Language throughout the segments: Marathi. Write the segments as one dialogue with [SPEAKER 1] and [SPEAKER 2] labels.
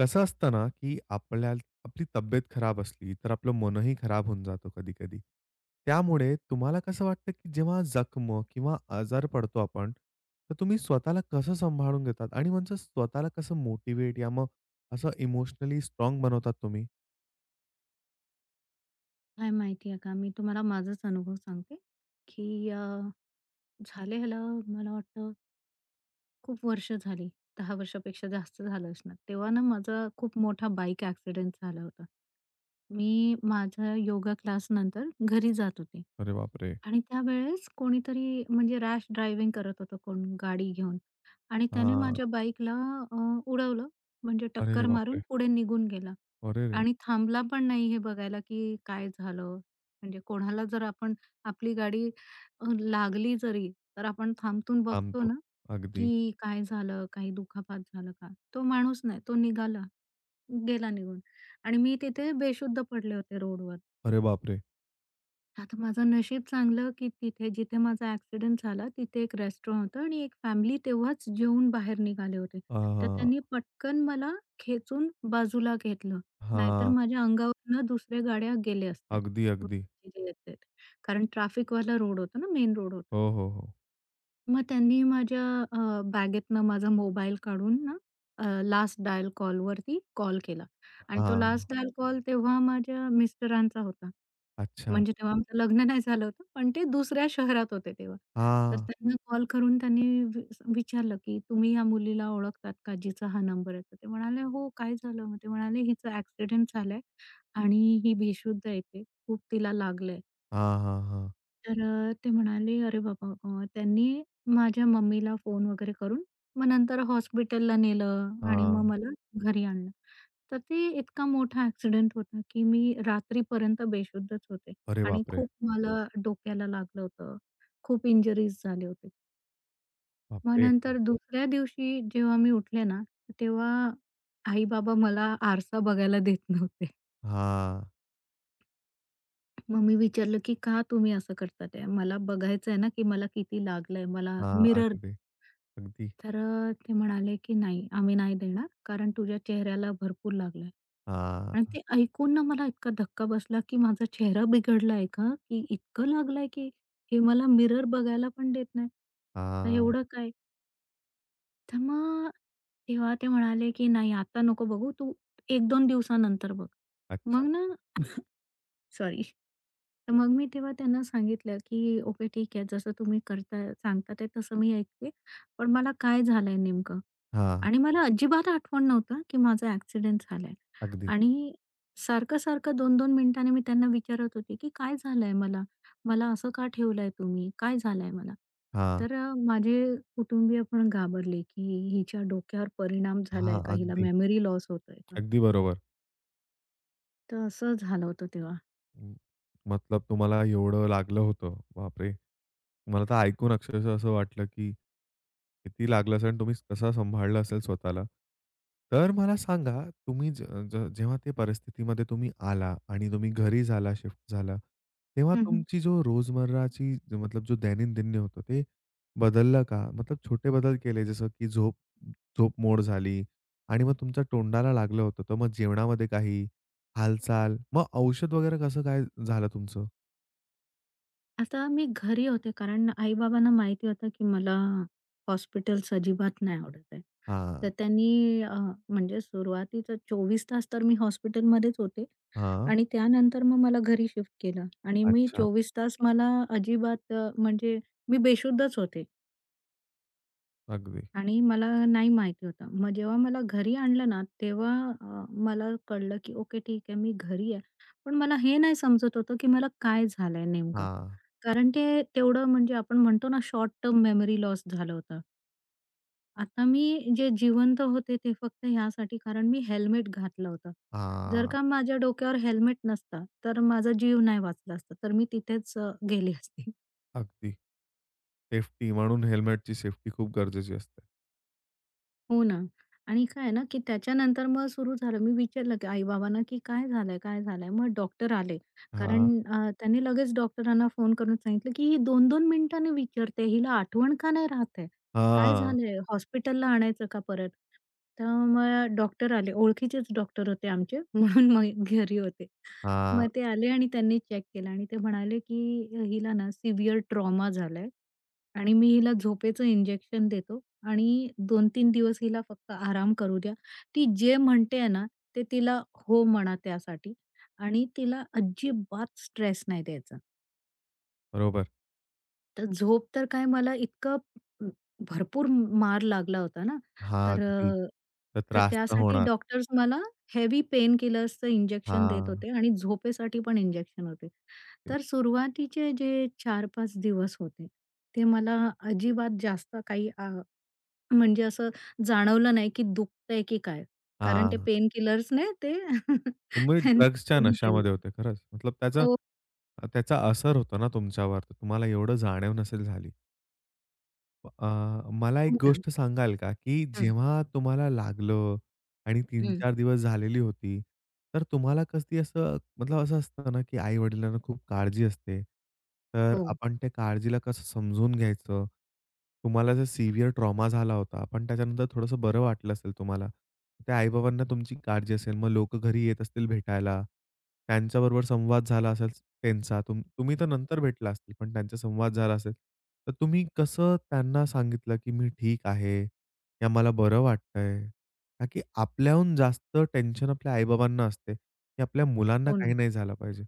[SPEAKER 1] कसं असतं ना, की आपल्याला आपली तब्येत खराब असली, तर आपलं मनही खराब होऊन जातं कधी-कधी. त्यामुळे तुम्हाला कसं वाटतं, की जेव्हा जखम किंवा आजारी पडतो आपण, तर तुम्ही स्वतःला कसं सांभाळून घेतात? आणि म्हणतात स्वतःला कसं मोटिव्हेट या मग असं इमोशनली स्ट्राँग बनवता तुम्ही?
[SPEAKER 2] काय माहिती आहे का? मी तुम्हाला माझाच अनुभव सांगते, की अ, झाले ह्याला, मला वाटतं. खूप वर्ष झाली, 10 वर्षापेक्षा जास्त झालं असणार. तेव्हा ना, माझा खूप मोठा बाईक एक्सिडेंट झाला होता. मी माझा योगा क्लासनंतर घरी जात होते.
[SPEAKER 1] अरे बापरे!
[SPEAKER 2] आणि त्यावेळेस कोणीतरी, म्हणजे रॅश ड्रायव्हिंग करत होतं कोण गाडी घेऊन आणि त्याने
[SPEAKER 1] हां.
[SPEAKER 2] माझ्या बाईकला अ, उडवलं, म्हणजे
[SPEAKER 1] अरे
[SPEAKER 2] टक्कर मारून
[SPEAKER 1] बापरे!
[SPEAKER 2] पुढे निघून गेला.
[SPEAKER 1] अरेरे!
[SPEAKER 2] आणि थांबला पण नाही, हे बघायला, की काय झालं. म्हणजे कोणाला जर आपण आपली गाडी लागली जरी, तर आपण थांबून बघतो
[SPEAKER 1] थांबतो.
[SPEAKER 2] ना,
[SPEAKER 1] अगदी.
[SPEAKER 2] की काय झालं काही दुखापत झालं का? तो माणूस नाही तो निघाला, गेला निघून. आणि मी तिथे बेशुद्ध पडले होते रोडवर.
[SPEAKER 1] अरे बापरे!
[SPEAKER 2] आता माझं नशीब चांगलं, की तिथे जिथे माझा ॲक्सिडेंट झाला तिथे एक रेस्टॉरंट होतं आणि एक फॅमिली तेव्हाच जेवून बाहेर निघाले होते.
[SPEAKER 1] हां,
[SPEAKER 2] तर
[SPEAKER 1] हां.
[SPEAKER 2] त्यांनी पटकन मला खेचून बाजूला घेतलं. नाहीतर
[SPEAKER 1] हां.
[SPEAKER 2] माझ्या अंगावरनं दुसऱ्या गाड्या गेल्या असत्या.
[SPEAKER 1] अगदी,
[SPEAKER 2] [unintelligible]
[SPEAKER 1] अगदी.
[SPEAKER 2] येतायेत. कारण ट्रॅफिकवाला रोड होता ना मेन रोड होता.
[SPEAKER 1] हो, हो, हो.
[SPEAKER 2] मग त्यांनी माझ्या अ, बॅगेतनं माझा मोबाईल काढून ना, अ, लास्ट डायल कॉलवरती कॉल केला आणि तो
[SPEAKER 1] हां.
[SPEAKER 2] लास्ट डायल कॉल तेव्हा माझ्या मिस्टरांचा होता.
[SPEAKER 1] अच्छा.
[SPEAKER 2] म्हणजे तेव्हा आमचं लग्न नाही झालं होतं, पण ते दुसऱ्या शहरात होते तेव्हा. तर
[SPEAKER 1] हां.
[SPEAKER 2] त्यांना कॉल करून त्यांनी वि असं विचारलं, की "तुम्ही या मुलीला ओळखतात का, जिचा हा नंबर आहे." तर ते म्हणाले हो, काय झालं मग ते म्हणाले, "हिचा ॲक्सिडेंट झालाय आणि ही बेशुद्ध आहे इथे, खूप तिला लागलंय."
[SPEAKER 1] हां, हां, हां.
[SPEAKER 2] तर अ, ते म्हणाले, अरे बाबा मग त्यांनी माझ्या मम्मीला फोन वगैरे करून, मग नंतर हॉस्पिटलला नेलं. आणि मग
[SPEAKER 1] हां.
[SPEAKER 2] मला घरी आणलं. तर ते इतका मोठा ॲक्सिडेंट होता, की मी रात्रीपर्यंत बेशुद्धच होते.
[SPEAKER 1] अरे
[SPEAKER 2] आणि
[SPEAKER 1] बापरे!
[SPEAKER 2] खूप मला डोक्याला लागलं होतं. खूप इंजरीज झाले होते. मग
[SPEAKER 1] बापरे!
[SPEAKER 2] नंतर दुसऱ्या दिवशी जेव्हा मी उठले ना, तर तेव्हा आई-बाबा मला आरसा बघायला देत नव्हते.
[SPEAKER 1] हां.
[SPEAKER 2] मग मी विचारलं, की का तुम्ही असं करतात ते मला बघायचंय ना, की मला किती लागलंय, मला
[SPEAKER 1] हां.
[SPEAKER 2] मिरर दे.
[SPEAKER 1] अगदी. अगदी.
[SPEAKER 2] तर अ, ते म्हणाले, की, "नाही आम्ही नाही देणार कारण तुझ्या चेहऱ्याला भरपूर लागलंय" आणि
[SPEAKER 1] हां.
[SPEAKER 2] ते ऐकून ना मला इतका धक्का बसला, की माझा चेहरा बिघडलाय का, की इतकं लागलंय, की हे मला मिरर बघायला पण देत नाही का
[SPEAKER 1] हां.
[SPEAKER 2] एवढं काय? तर मग तेव्हा ते म्हणाले, की, "नाही आता नको बघू तू 1-2 दिवसानंतर बघ."
[SPEAKER 1] अच्छा.
[SPEAKER 2] मग ना सॉरी. तर मग मी तेव्हा त्यांना सांगितलं, की ओके ठीक आहे जसं तुम्ही करताय सांगतात ते तसं मी ऐकते, पण मला काय झालंय नेमकं?
[SPEAKER 1] हां.
[SPEAKER 2] आणि मला अजिबात आठवण नव्हतं, की माझा ॲक्सिडेंट झालाय
[SPEAKER 1] अगदी.
[SPEAKER 2] आणि सारखं-सारखं 2-2 मिनिटांनी मी त्यांना विचारत होते, की काय झालंय मला, मला असं का ठेवलंय तुम्ही, काय झालंय मला
[SPEAKER 1] हां.
[SPEAKER 2] तर अ, माझे कुटुंबीय पण घाबरले, की हिच्या डोक्यावर परिणाम झालाय
[SPEAKER 1] हां,
[SPEAKER 2] का हिला
[SPEAKER 1] अगदी.
[SPEAKER 2] मेमरी लॉस होतोय का?
[SPEAKER 1] अगदी बरोबर.
[SPEAKER 2] तर असं झालं होतं तेव्हा.
[SPEAKER 1] हं, मतलब तुम्हाला एवढं लागलं होतं. बापरे! मला तर ऐकून अक्षरशः असं वाटलं, की किती लागलं असेल आणि तुम्ही कसं सांभाळला असेल स्वतःला? तर मला सांगा, तुम्ही ज ज जेव्हा त्या परिस्थितीमध्ये तुम्ही आला आणि तुम्ही घरी झाला, शिफ्ट झाला, तेव्हा
[SPEAKER 2] हं, हं.
[SPEAKER 1] तुमची जो रोजमर्राची जो मतलब जो दैनंदिन होतं ते बदललं का? मतलब छोटे बदल केले जसं, की झोप झोप मोड झाली. आणि मग तुमच्या तोंडाला लागलं होतं, तर मग जेवणामध्ये काही हालचाल? मग औषध वगैरे कसं काय झालं तुमचं?
[SPEAKER 2] आता मी घरी होते. कारण आई-बाबांना माहिती होतं, की मला हॉस्पिटल्स अजिबात नाही आवडत आहे.
[SPEAKER 1] हां.
[SPEAKER 2] तर त्यांनी अ, म्हणजे सुरुवातीचा 24 तास तर मी हॉस्पिटलमध्येच होते.
[SPEAKER 1] हां.
[SPEAKER 2] आणि त्यानंतर मग मला घरी शिफ्ट केलं आणि मी
[SPEAKER 1] अच्छा.
[SPEAKER 2] 24 तास मला अजिबात अ, म्हणजे मी बेशुद्धच होते.
[SPEAKER 1] अगदी.
[SPEAKER 2] आणि मला नाही माहिती होतं. मग जेव्हा मला घरी आणलं ना, तेव्हा मला अ, कळलं की "ओके ठीक आहे मी घरी आहे." पण मला हे नाही समजत होतं, की मला काय झालंय नेमकं.
[SPEAKER 1] हां.
[SPEAKER 2] कारण ते तेवढं म्हणजे आपण म्हणतो ना, शॉर्ट टर्म मेमरी लॉस झालं होतं. आता मी जे जिवंत होते, ते फक्त ह्यासाठी, कारण मी हेल्मेट घातलं होतं. जर
[SPEAKER 1] हां.
[SPEAKER 2] का माझ्या डोक्यावर हेल्मेट नसता, तर माझा जीव नाही वाचला असता. तर मी तिथेच गेली असते.
[SPEAKER 1] अगदी. सेफ्टी म्हणून हेल्मेटची सेफ्टी खूप गरजेची असते.
[SPEAKER 2] हो ना. आणि काय आहे ना, की त्याच्यानंतर मग सुरू झालं. मी विचारलं की आई-बाबांना, की "काय झालंय? काय झालंय?" मग डॉक्टर आले कारण
[SPEAKER 1] हां.
[SPEAKER 2] अ, त्यांनी लगेच डॉक्टरांना फोन करून सांगितलं, की "ही 2-2 मिनिटांनी विचारते. हिला आठवण का नाही राहत आहे? काय
[SPEAKER 1] हां.
[SPEAKER 2] झालंय? हॉस्पिटलला आणायचं का परत?" तर मग डॉक्टर आले. ओळखीचेच डॉक्टर होते आमचे. म्हणून मग घरी होते.
[SPEAKER 1] हां.
[SPEAKER 2] मग ते आले आणि त्यांनी चेक केलं. आणि ते म्हणाले, की "हिला ना सिव्हिअर ट्रॉमा झालाय. आणि मी हिला झोपेचं इंजेक्शन देतो. आणि 2-3 दिवस हिला फक्त आराम करू द्या. ती जे म्हणतेय ना, ते तिला हो म्हणा त्यासाठी आणि तिला अजिबात स्ट्रेस नाही द्यायचा."
[SPEAKER 1] बरोबर.
[SPEAKER 2] तर झोप तर काय, मला इतकं अ, भरपूर मार लागला होता ना.
[SPEAKER 1] हां.
[SPEAKER 2] तर
[SPEAKER 1] अगदी.
[SPEAKER 2] अ,
[SPEAKER 1] तर
[SPEAKER 2] तर
[SPEAKER 1] त्रास तर
[SPEAKER 2] त्यासाठी
[SPEAKER 1] होणार.
[SPEAKER 2] डॉक्टर्स मला हेवी पेन किलर्सचं इंजेक्शन देत
[SPEAKER 1] हां.
[SPEAKER 2] होते. आणि झोपेसाठी पण इंजेक्शन होते.
[SPEAKER 1] [unintelligible]
[SPEAKER 2] तर सुरुवातीचे जे 4-5 दिवस होते, ते मला अजिबात जास्त काही अ, म्हणजे असं जाणवलं नाही की दुखतंय, की काय? कारण ते
[SPEAKER 1] हां.
[SPEAKER 2] पेन किलर्सने ते
[SPEAKER 1] तुम्ही
[SPEAKER 2] त्यांनी
[SPEAKER 1] ड्रग्सच्या
[SPEAKER 2] कमी केलं
[SPEAKER 1] नशामध्ये
[SPEAKER 2] ते
[SPEAKER 1] होते, खरंच. मतलब त्याचा
[SPEAKER 2] हो.
[SPEAKER 1] अ, त्याचा असर होता ना तुमच्यावर. तुम्हाला एवढं जाणीव नसेल झाली. अ, मला एक
[SPEAKER 2] हो, ना.
[SPEAKER 1] गोष्ट सांगाल का? की
[SPEAKER 2] हं.
[SPEAKER 1] जेव्हा तुम्हाला लागलं आणि 3
[SPEAKER 2] हं.
[SPEAKER 1] 4 दिवस झालेली होती, तर तुम्हाला कधी असं मतलब असं असतं ना, की आई-वडिलांना खूप काळजी असते. तर
[SPEAKER 2] हो.
[SPEAKER 1] आपण त्या काळजीला कसं समजून घ्यायचं? तुम्हाला जर सिव्हिअर ट्रॉमा झाला होता, पण त्याच्यानंतर थोडंसं बरं वाटलं असेल, तुम्हाला त्या आई-बाबांना तुमची काळजी असेल. मग लोक घरी येत असतील भेटायला, त्यांच्याबरोबर संवाद झाला असेल त्यांचा तुम्ह तुम्ही तर नंतर भेटला असतील, पण त्यांचा संवाद झाला असेल, तर तुम्ही कसं त्यांना सांगितलं, की मी ठीक आहे किंवा मला बरं वाटतंय. कारण की आपल्याहून जास्त टेन्शन आपल्या आई-बाबांना असते, की आपल्या मुलांना
[SPEAKER 2] हो,
[SPEAKER 1] काही
[SPEAKER 2] ना.
[SPEAKER 1] नाही झालं पाहिजे,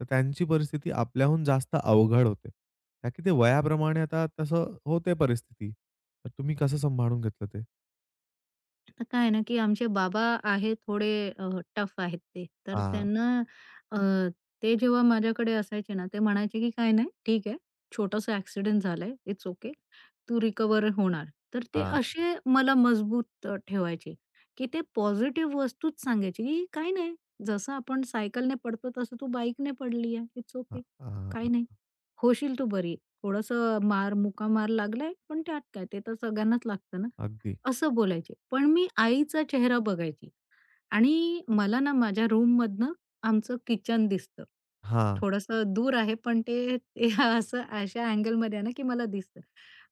[SPEAKER 1] तर त्यांची परिस्थिती आपल्याहून जास्त अवघड होते, कारण की ते वयाप्रमाणे आता तसं होते परिस्थिती. तर तुम्ही कसं सांभाळून घेतलं ते?
[SPEAKER 2] आता काय आहे ना, की आमचे बाबा आहेत, थोडे अ, टफ आहेत ते. तर
[SPEAKER 1] हां.
[SPEAKER 2] त्यांना अ, ते जेव्हा माझ्याकडे असायचे ना, ते म्हणायचे की "काय नाही ठीक आहे छोटासा एक्सिडेंट झालाय इट्स ओके तू रिकव्हर होणार." तर ते
[SPEAKER 1] हां.
[SPEAKER 2] असे मला मजबूत अ, ठेवायचे की ते पॉझिटिव्ह वस्तूच सांगायचे, की "काही नाही जसं आपण सायकलने पडतो, तसं तू बाईकने पडली आहे. इट्स ओके
[SPEAKER 1] हां, हां,
[SPEAKER 2] काही नाही
[SPEAKER 1] हां.
[SPEAKER 2] होशील तू बरी थोडंसं मार मुका मार लागलाय पण त्यात काय? ते तर सगळ्यांनाच लागतं ना."
[SPEAKER 1] अगदी.
[SPEAKER 2] असं बोलायचे. पण मी आईचा चेहरा बघायची आणि मला ना माझ्या रूममधून आमचं किचन दिसतं,
[SPEAKER 1] हां.
[SPEAKER 2] थोडंसं दूर आहे, पण ते असं अशा अँगलमध्ये आहे ना, की मला दिसतं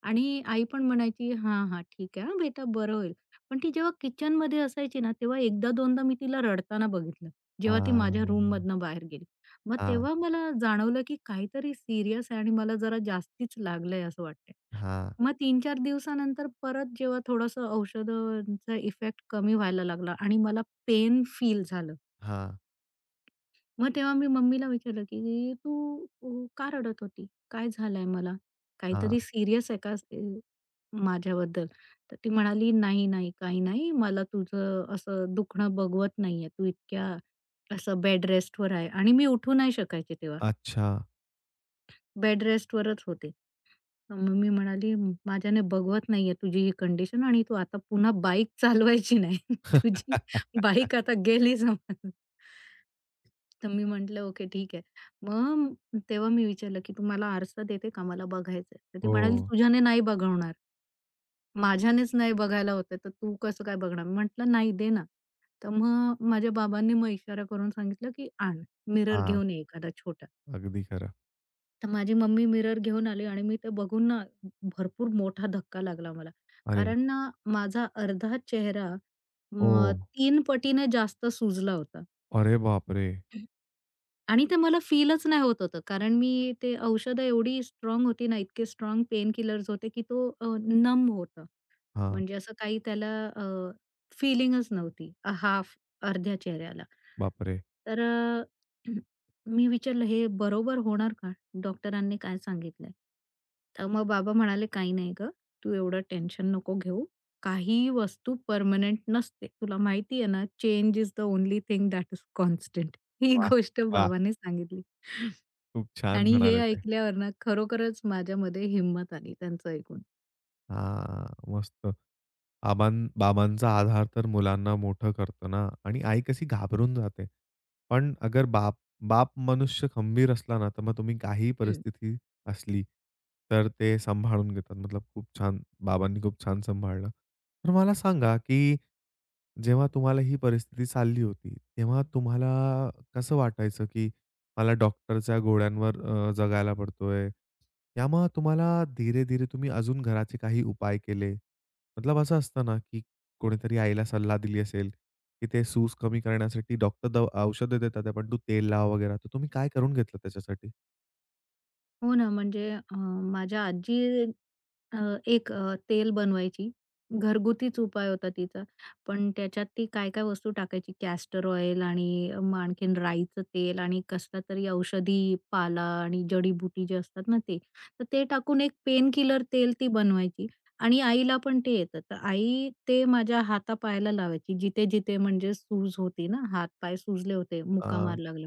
[SPEAKER 2] आणि आई पण म्हणायची "हां, हां, ठीक आहे. हां बेटा, बरं होईल." पण ती जेव्हा किचनमध्ये असायची ना, तेव्हा एकदा दोनदा मी तिला रडताना बघितलं. जेव्हा ती माझ्या
[SPEAKER 1] हां.
[SPEAKER 2] रूममधनं बाहेर गेली मग
[SPEAKER 1] हां.
[SPEAKER 2] तेव्हा मला जाणवलं, की काहीतरी सिरियस आहे आणि मला जरा जास्तीच लागलंय, असं वाटतंय.
[SPEAKER 1] हां.
[SPEAKER 2] मग 3 4 दिवसानंतर परत, जेव्हा थोडंसं औषधांचा इफेक्ट कमी व्हायला लागला आणि मला पेन फील झालं.
[SPEAKER 1] हां.
[SPEAKER 2] मग तेव्हा मी मम्मीला विचारलं, की तू अ, का रडत होती? काय झालाय मला?
[SPEAKER 1] हां.
[SPEAKER 2] काहीतरी सीरियस आहे का? ते माझ्याबद्दल? तर ती म्हणाली, "नाही, नाही काही नाही. मला तुझं असं दुखणं बघवत नाहीये. तू इतक्या, असं बेडरेस्टवर आहे." आणि मी उठू नाही शकायची तेव्हा.
[SPEAKER 1] अच्छा.
[SPEAKER 2] बेड रेस्टवरच होते. मग मम्मी म्हणाली, "माझ्याने बघवत नाहीये, तुझी ही कंडिशन आणि तू आता पुन्हा बाईक चालवायची नाही. तुझी बाईक आता गेली समज." तर मी म्हंटलं, ओके ठीक आहे. मग तेव्हा मी विचारलं, की तू मला आरसा देते का? मला बघायचंय. तर ती म्हणाली,
[SPEAKER 1] हो.
[SPEAKER 2] "तुझ्याने नाही बघवणार. माझ्यानेच नाही बघायला होत आहे, तर तू कसं काय बघणार?" मी म्हंटलं, नाही दे ना. तर मग माझ्या बाबांनी मग इशारा करून सांगितलं, की आण मिरर
[SPEAKER 1] हां.
[SPEAKER 2] घेऊन ये एखादा छोटा.
[SPEAKER 1] अगदी खरं.
[SPEAKER 2] तर माझी मम्मी मिरर घेऊन आली. आणि मी ते बघून ना, भरपूर मोठा धक्का लागला मला.
[SPEAKER 1] अरे!
[SPEAKER 2] कारण ना, माझा अर्धा चेहरा, मग
[SPEAKER 1] हो.
[SPEAKER 2] 3 पटीने जास्त सुजला होता.
[SPEAKER 1] अरे बापरे!
[SPEAKER 2] हं. आणि ते मला फीलचं नाही होत होतं. कारण मी ते औषधं एवढी स्ट्राँग होती ना, इतके स्ट्राँग पेन किलर्स होते, की तो नम होतं.
[SPEAKER 1] हां.
[SPEAKER 2] म्हणजे असं काही त्याला अ, फिलिंगच नव्हती. हाल्फ अर्ध्या चेहऱ्याला.
[SPEAKER 1] बापरे!
[SPEAKER 2] तर, मी विचारलं, हे बरोबर होणार का? डॉक्टरांनी काय सांगितलयं? तर मग बाबा म्हणाले, "काही नाही गं तू एवढं टेन्शन नको घेऊ. काहीही वस्तू परमनेंट नसते. तुला माहिती आहे ना, change is the only thing that is constant." ही
[SPEAKER 1] वाह!
[SPEAKER 2] गोष्ट
[SPEAKER 1] वाह!
[SPEAKER 2] बाबांनी सांगितली.
[SPEAKER 1] खूप छान
[SPEAKER 2] आणि हे
[SPEAKER 1] म्हणाले ते.
[SPEAKER 2] ऐकल्यावर ना, खरोखरच माझ्यामध्ये हिंमत आली त्यांचं ऐकून.
[SPEAKER 1] हां. मस्त. आबां बाबांचा आधार तर मुलांना मोठं करतं ना. आणि आई कशी घाबरून जाते. पण अगर बाप बाप मनुष्य खंबीर असला ना, तर मग तुम्ही काहीही
[SPEAKER 2] हं.
[SPEAKER 1] परिस्थिती असली, तर ते सांभाळून घेतात. मतलब खूप छान बाबांनी खूप छान सांभाळलं. तर मला सांगा, की जेव्हा तुम्हाला ही परिस्थिती चालली होती, तेव्हा तुम्हाला कसं वाटायचं? की मला डॉक्टरच्या गोळ्यांवर जगायला पडतोय. यामग तुम्हाला धीरे-धीरे, तुम्ही अजून घराचे काही उपाय केले? मतलब असं असतं ना, की कोणीतरी आईला सल्ला दिली असेल, की ते सूज कमी करण्यासाठी डॉक्टर दवा औषध देतात, पण तू तेल लाव वगैरे. तर तुम्ही काय करून घेतलं त्याच्यासाठी?
[SPEAKER 2] हो ना. म्हणजे अ, माझ्या आजी अ, एक तेल बनवायची. घरगुतीच उपाय होता तिचा. पण त्याच्यात ती काय-काय वस्तू टाकायची. कॅस्टर ऑईल, आणि आणखीन राईचं तेल, आणि कसलातरी औषधी पाला, आणि जडी-बुटी जे असतात ना, ते तर ते टाकून एक पेन किलर तेल ती बनवायची. आणि आईला पण ते येतं तर आई ते माझ्या हातापायाला लावायची. जिथे-जिथे म्हणजे सूज होती ना, हात पाय सुजले होते मुका
[SPEAKER 1] अ
[SPEAKER 2] मार लागले,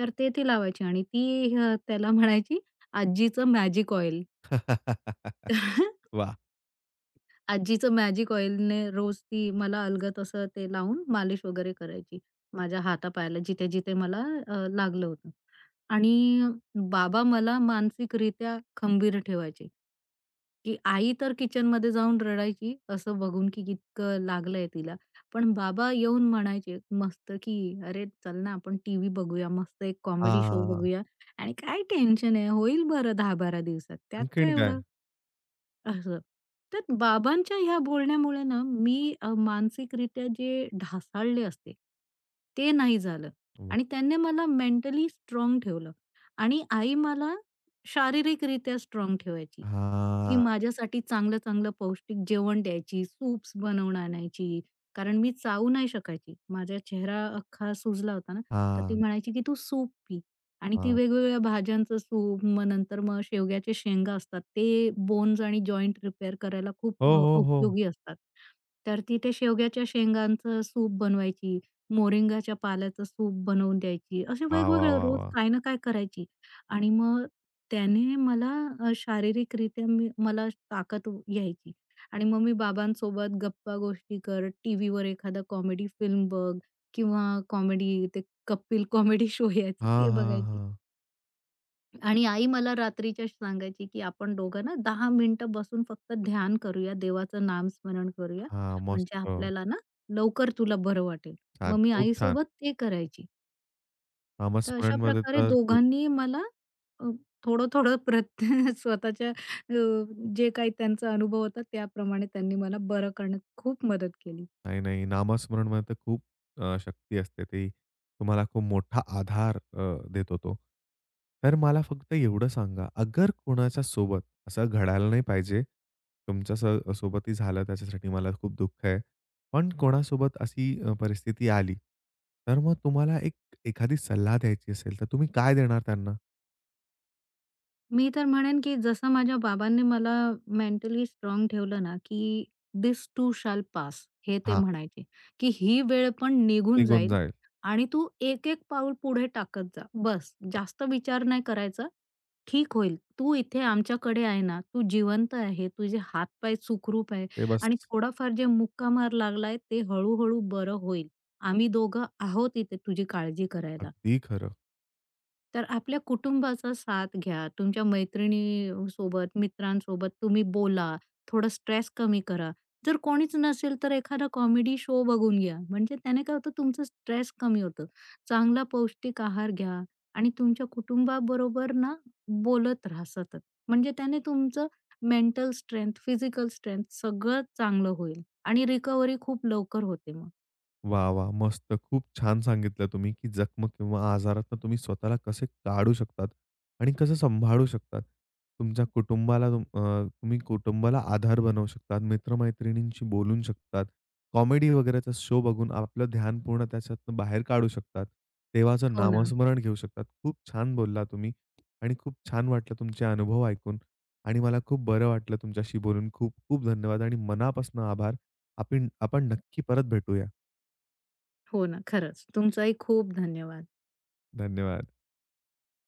[SPEAKER 2] तर ते ती लावायची. आणि ती त्याला म्हणायची, आजीचं मॅजिक ऑइल.
[SPEAKER 1] वाह!
[SPEAKER 2] आजीचं मॅजिक ऑइलने रोज ती मला अलगद अस ते लावून मालिश वगैरे करायची. माझ्या हातापायाला जिथे-जिथे मला अ, लागलं होतं आणि बाबा मला मानसिकरीत्या खंबीर ठेवायचे, की आई तर किचनमध्ये जाऊन रडायची असं बघून, की इतकं लागलंय तिला पण बाबा येऊन म्हणायचे मस्त की "अरे चल ना आपण टीव्ही बघूया, मस्त एक कॉमेडी शो
[SPEAKER 1] हां.
[SPEAKER 2] बघूया आणि काय टेन्शन आहे होईल बरं 10-12 दिवसात त्यात काय
[SPEAKER 1] आणखीन काय?
[SPEAKER 2] एवढं?" असं. तर बाबांच्या ह्या बोलण्यामुळे ना मी अ, मानसिकरीत्या जे ढासळले असते, ते नाही झालं.
[SPEAKER 1] वाह.
[SPEAKER 2] आणि त्याने मला मेंटली स्ट्राँग ठेवलं आणि आई मला शारीरिकरीत्या स्ट्राँग ठेवायची, की
[SPEAKER 1] हां.
[SPEAKER 2] माझ्यासाठी चांगलं-चांगलं पौष्टिक जेवण द्यायची, सूप्स बनवून आणायची. कारण मी चावू नाही शकायची माझा चेहरा अख्खा सुजला होता ना तर ती
[SPEAKER 1] हां.
[SPEAKER 2] म्हणायची, की तू सूप पी आणि ती
[SPEAKER 1] हां.
[SPEAKER 2] वेगवेगळ्या भाज्यांचं सूप, मग नंतर मग शेवग्याच्या शेंगा असतात ते बोन्स आणि जॉइंट रिपेअर करायला खूप
[SPEAKER 1] हो,
[SPEAKER 2] अ,
[SPEAKER 1] हो, हो.
[SPEAKER 2] उपयोगी असतात. तर ती ते शेवग्याच्या शेंगाचं सूप बनवायची. मोरिंगाच्या पाल्याचं सूप बनवून द्यायची. असे
[SPEAKER 1] वाह, वाह,
[SPEAKER 2] वेगवेगळं
[SPEAKER 1] वाह,
[SPEAKER 2] रोज
[SPEAKER 1] वाह!
[SPEAKER 2] काय ना काय करायची आणि मग त्याने मला अ, शारीरिकरीत्या मी मला ताकत यायची आणि मग मी बाबांसोबत गप्पा गोष्टी करत, टीव्हीवर एखादा कॉमेडी फिल्म बघ, किंवा कॉमेडी ते कपिल कॉमेडी शो यायचा
[SPEAKER 1] हां,
[SPEAKER 2] ते
[SPEAKER 1] हां,
[SPEAKER 2] बघायची.
[SPEAKER 1] हां.
[SPEAKER 2] आणि आई मला रात्रीच्या सांगायची, की "आपण दोघं ना, 10 मिनिटं बसून फक्त ध्यान करूया, देवाचं नामस्मरण करूया.
[SPEAKER 1] हां.
[SPEAKER 2] म्हणजे
[SPEAKER 1] मस्त.
[SPEAKER 2] आपल्याला ना, लवकर तुला बरं वाटेल."
[SPEAKER 1] छान.
[SPEAKER 2] मग मी
[SPEAKER 1] खूप छान.
[SPEAKER 2] आईसोबत ते करायची. तर अशा
[SPEAKER 1] नामस्मरणमध्ये
[SPEAKER 2] प्रकारे
[SPEAKER 1] तर खूप.
[SPEAKER 2] दोघांनी मला अ, थोडं-थोडं प्रत स्वतःच्या अ, जे काही त्यांचा अनुभव होता त्याप्रमाणे त्यांनी मला बरं करण्यात खूप मदत केली.
[SPEAKER 1] नाही, नाही. नामस्मरणमध्ये तर खूप अ, शक्ती असते. ती तुम्हाला खूप मोठा आधार अ, देतो तो. तर मला फक्त एवढं सांगा, अगर कोणाच्या सोबत असं घडायला नाही पाहिजे, तुमच्या स सोबतही झालं त्याच्यासाठी मला खूप दुःख आहे. पण कोणासोबत अशी अ, परिस्थिती आली तर मग तुम्हाला एक एखादी सल्ला द्यायची असेल तर तुम्ही काय देणार त्यांना?
[SPEAKER 2] मी तर म्हणेन, की जसं माझ्या बाबांनी मला मेंटली स्ट्राँग ठेवलं ना, की दिस टू शाल पास. हे ते
[SPEAKER 1] हां.
[SPEAKER 2] म्हणायचे, की "ही वेळ पण निघून
[SPEAKER 1] निघून
[SPEAKER 2] जाईल
[SPEAKER 1] जाईल.
[SPEAKER 2] आणि तू एक-एक पाऊल पुढे टाकत जा बस.
[SPEAKER 1] हं.
[SPEAKER 2] जास्त विचार नाही करायचा, ठीक होईल. तू इथे आमच्याकडे आहे ना, तू जिवंत आहे, तुझे हात-पाय सुखरूप आहे.
[SPEAKER 1] ते बस.
[SPEAKER 2] आणि थोडाफार जे मुका मार लागलाय, ते हळू-हळू बरं होईल. आम्ही दोघं आहोत इथे, तुझी काळजी करायला."
[SPEAKER 1] अगदी खरं.
[SPEAKER 2] तर आपल्या कुटुंबाचा साथ घ्या. तुमच्या मैत्रिणीसोबत, मित्रांसोबत तुम्ही बोला, थोडा स्ट्रेस कमी करा. जर कोणीच नसेल, तर एखादा कॉमेडी शो बघून घ्या. म्हणजे त्याने काय होतं, तुमचं स्ट्रेस कमी होतं. चांगला पौष्टिक आहार घ्या आणि तुमच्या कुटुंबाबरोबर ना, बोलत रहा सतत म्हणजे त्याने तुमचं मेंटल स्ट्रेन्थ, फिजिकल स्ट्रेन्थ सगळं चांगलं होईल आणि रिकव्हरी खूप लवकर होते मग.
[SPEAKER 1] वाह! वाह! मस्त. खूप छान सांगितलं तुम्ही, की जखम किंवा आजारातून तुम्ही स्वतःला कसे काढू शकतात आणि कसं सांभाळू शकतात. तुमच्या कुटुंबाला तुम अ, तुम्ही कुटुंबाला आधार बनवू शकतात, मित्र-मैत्रिणींशी बोलू शकतात, कॉमेडी वगैरेचा शो बघून आपलं ध्यान पूर्ण त्याच्यातून बाहेर काढू शकतात, देवाचं
[SPEAKER 2] हो ना.
[SPEAKER 1] नामस्मरण घेऊ शकतात. खूप छान बोललात तुम्ही आणि खूप छान वाटलं तुमचे अनुभव ऐकून आणि मला खूप बरं वाटलं तुमच्याशी बोलून. खूप खूप धन्यवाद आणि मनापासून आभार. आपीण आपण नक्की परत भेटूया.
[SPEAKER 2] हो ना. खरंच. तुमचंही खूप धन्यवाद.
[SPEAKER 1] धन्यवाद.